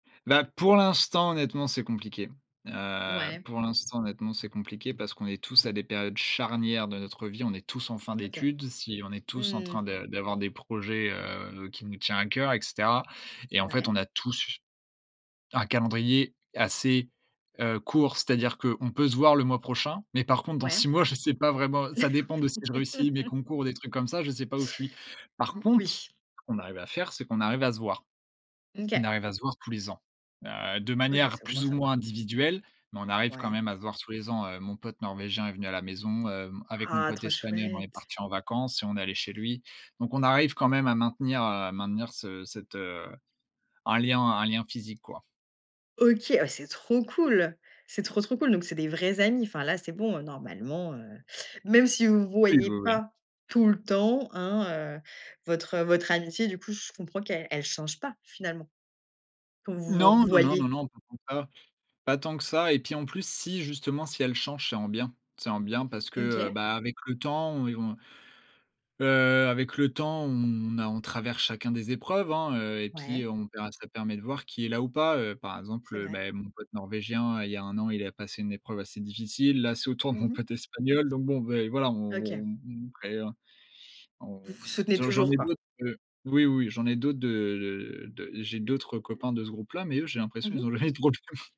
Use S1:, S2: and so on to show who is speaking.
S1: Bah, pour l'instant honnêtement, c'est compliqué. Heu,
S2: Ouais.
S1: pour l'instant honnêtement, c'est compliqué parce qu'on est tous à des périodes charnières de notre vie. On est tous en fin
S2: OK.
S1: d'études. Si, on est
S2: Mmh
S1: tous en
S2: mh
S1: train
S2: mh.
S1: de d'avoir des projets, heu, qui nous tient à cœur, et cetera et en fait,
S2: Ouais.
S1: on a tous un calendrier assez, heu, court, c'est-à-dire qu'on peut se voir le mois prochain, mais par contre dans
S2: Ouais.
S1: 6 mois, je sais pas vraiment. Ça dépend de si je réussis mes
S2: Ouais.
S1: concours ou des trucs comme ça, je sais pas où je suis. Par contre,
S2: Oui.
S1: ce qu’on arrive à faire, c'est qu'on arrive à se voir. On
S2: OK.
S1: arrive à se voir tous les ans, heu, de
S2: OK,
S1: manière
S2: c'est au moins
S1: plus ou
S2: ça!
S1: moins individuelle. Mais on arrive quand
S2: Ouais.
S1: même à se voir tous les ans, heu, mon pote norvégien est venu à la maison. Hem, avec mon
S2: Ah,
S1: pote
S2: trop
S1: espagnol, on est
S2: chouette!
S1: partis en vacances et on est allés chez lui donc on arrive quand même à maintenir, heu, maintenir ce cette, heu, un lien un lien physique, quoi.
S2: OK. Oh ouais, c'est trop cool! C'est trop, trop cool! Donc, c'est des vrais amis, enfin, là, c'est bon, heu, normalement, heu, même si vous vous
S1: Oui,
S2: voyez
S1: oui, oui.
S2: pas tout le temps, hein, heu, votre votre amitié du coup je comprends qu'elle elle change pas finalement quand vous vous
S1: Non, non, non, non,
S2: revoyez?
S1: non, pas tant que ça pas tant que ça. Et puis en plus si justement si elle change, c'est en bien. C'est en bien parce que, heu,
S2: OK.
S1: bah, avec le temps on est on heu, avec le temps, on a on traverse chacun des épreuves, hein, heu, et puis
S2: Ouais.
S1: on verra ça permet de voir qui est là ou pas, heu, par exemple,
S2: C'est
S1: heu,
S2: vrai.
S1: bah mon pote norvégien, il y a 1 an, il a passé une épreuve assez difficile. Là, c'est au tour de
S2: Mmh
S1: mon
S2: mh.
S1: pote espagnol, donc bon, beh voilà, on
S2: OK.
S1: on on crée, heu, on
S2: Vous vous soutenez
S1: sinon j'en
S2: toujours,
S1: ai
S2: quoi?
S1: d'autres, heu oui, oui, j'en ai d'autres de, heu, de, heu, de j'ai d'autres copains de ce groupe-là, mais eux, j'ai
S2: Mmh
S1: l'impression ils
S2: mh.
S1: ont jamais de problèmes.